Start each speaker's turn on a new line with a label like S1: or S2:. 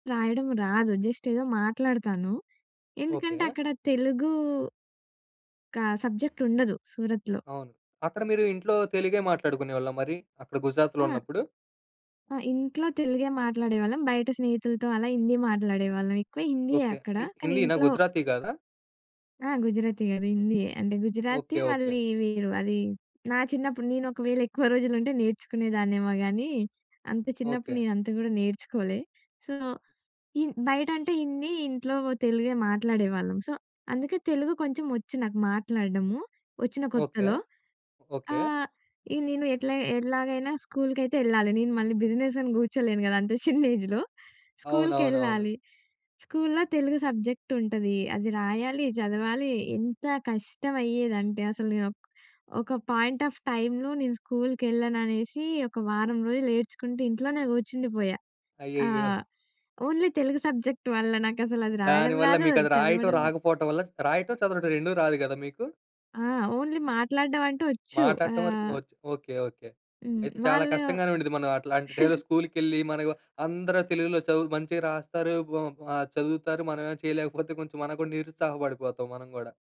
S1: రాయడం రాదు. జస్ట్ ఏదో మాట్లాడతాను. ఎందుకంటే,
S2: ఓకే.
S1: అక్కడ తెలుగు ఒక సబ్జెక్ట్ ఉండదు సూరత్‌లో.
S2: అవును. అక్కడ మీరు ఇంట్లో తెలుగే మాట్లాడుకునేవాళ్ళా మరి? అక్కడ గుజరాత్‌లో
S1: ఆ!
S2: ఉన్నప్పుడు?
S1: ఆ! ఇంట్లో తెలుగే మాట్లాడేవాళ్ళం. బయట స్నేహితులతో అలా హిందీ మాట్లాడేవాళ్ళం. ఎక్కువ హిందీయే
S2: ఓకే.
S1: అక్కడ.
S2: హి
S1: కానీ
S2: హిందీ‌నా?
S1: ఇంట్లో
S2: గుజరాతీ కాదా?
S1: ఆ! గుజరాతీ కాదు. హిందీయే. అంటే గుజరాతీ
S2: ఓకే. ఓకే.
S1: మళ్ళీ వీరు అది నా చిన్నప్పుడు, నేను ఒకవేళ ఎక్కువ రోజులు ఉంటే నేర్చుకునేదాన్నేమో గానీ, అంత చిన్నప్పుడు
S2: ఓకే.
S1: నేను అంత గూడా నేర్చుకోలే. సో, హిన్ బయట అంటే హిందీ, ఇంట్లో వో తెలుగే మాట్లాడేవాళ్ళం. సో, అందుకే తెలుగు కొంచెం వచ్చు, నాకు మాట్లాడడము, వచ్చిన
S2: ఓకే.
S1: కొత్తలో.
S2: ఓకే.
S1: ఆహ్, ఇది నేను ఎట్లా ఎట్లాగైనా స్కూల్‌కయితే యెళ్ళాలి నేను. మళ్ళీ బిజినెసని కూర్చోలేను కదా! అంత చిన్న ఏజ్‌లో
S2: అవునవునవును.
S1: స్కూల్‌కెళ్ళాలి. స్కూల్‌లో తెలుగు సబ్జెక్ట్ ఉంటది. అది రాయాలి, చదవాలీ, ఎంత కష్టం అయ్యేదంటే అసలు నేను ఒక్ ఒక పాయింట్ ఆఫ్ టైమ్‌లో‌ నేను స్కూల్‌కెళ్ళననేసి ఒక వారం రోజులు ఏడ్చుకుంటూ ఇంట్లోనే కూర్చుండిపోయా!
S2: అయ్యయ్యో!
S1: ఆహ్, ఓన్లీ తెలుగు సబ్జెక్ట్ వల్ల నాకసల అది రాయడం
S2: దాని వల్ల
S1: రాదు, అది
S2: మీకది రాయటం
S1: చదవడం రాదు.
S2: రాకపోటం వల్ల రాయటం, చదవడం 2 రాదు కదా మీకు?
S1: ఆ! ఓన్లీ మాట్లాడడం అంటూ వచ్చు.
S2: మాట్లాడటం వరకు
S1: ఆహ్
S2: వచ్చు. ఓకే. ఓకే.
S1: హ్మ్.
S2: అయితే చాలా
S1: వాళ్ళు
S2: కష్టంగానే ఉండుద్ది. మనం అట్లాంటి టైమ్‌లో స్కూల్‌కెళ్ళి మరేమో అందరూ తెలుగులో చదువు మంచిగా రాస్తారు. ఓమ్ ఆహ్, చదువుతారు. మనమేమొ చేయలేకపోతే కొంచెం మనకు కూడా నిరుత్సాహ పడిపోతాం మనం గూడా!